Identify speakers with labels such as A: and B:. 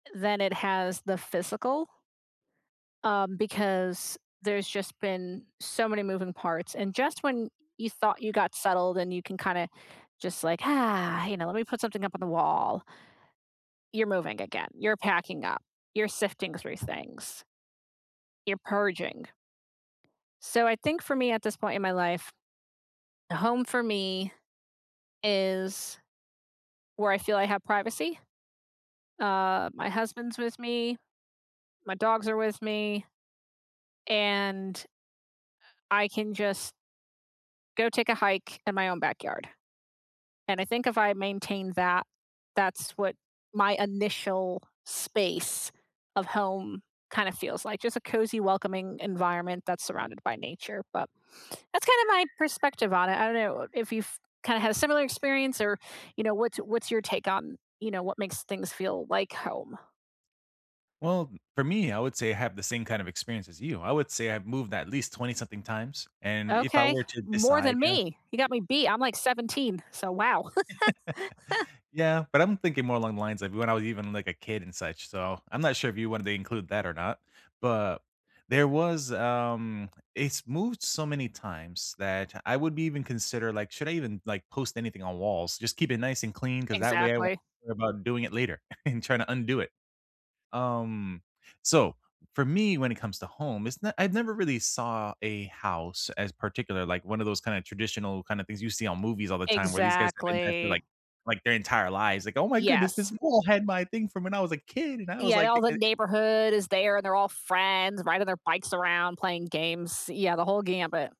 A: Than it has the physical. Um, because there's just been so many moving parts, and just when you thought you got settled and you can kinda just like, ah, you know, let me put something up on the wall. You're moving again, you're packing up, you're sifting through things you're purging. So, I think for me at this point in my life, the home for me is where I feel I have privacy. Uh, my husband's with me, my dogs are with me and, uh, I can just Go take a hike in my own backyard. And I think if I maintain that, that's what my initial space of home kinda feels like, just a cozy welcoming environment that's surrounded by nature but that's kinda my perspective on it, I don't know if you've kinda had a similar experience or you know, what's what's your take on, you know, what makes things feel like home?
B: Well, for me, I would say I have the same kind of experience as you. I would say I've moved at least 20 something times and if I
A: Okay.
B: were to
A: More
B: decide,
A: than
B: yeah
A: me. You got me beat. I'm, like, 17. So, wow.
B: Yeah, but I'm thinking more along the lines like when I was even like a kid and such so, I'm not sure if you wanted to include that or not, but there was, um it's moved so many times that I would be even consider like, should I even like post anything on walls? Just keep it nice and clean 'cause that way I won't
A: Exactly.
B: worry about doing it later and trying to undo it. Um, so for me, when it comes to home, it's not I've never really saw a house as particular, like one of those kind of traditional kind of things you see on movies all the time where these guys have been there
A: Exactly.
B: like like, their entire lives. Like, "Oh my goodness. This
A: Yes.
B: mole had my thing from when I was a kid", and I
A: Y
B: was,
A: yeah,
B: like, "e
A: all the
B: eh".
A: neighborhood is there and they're all friends riding their bikes around playing games, yeah the whole gambit.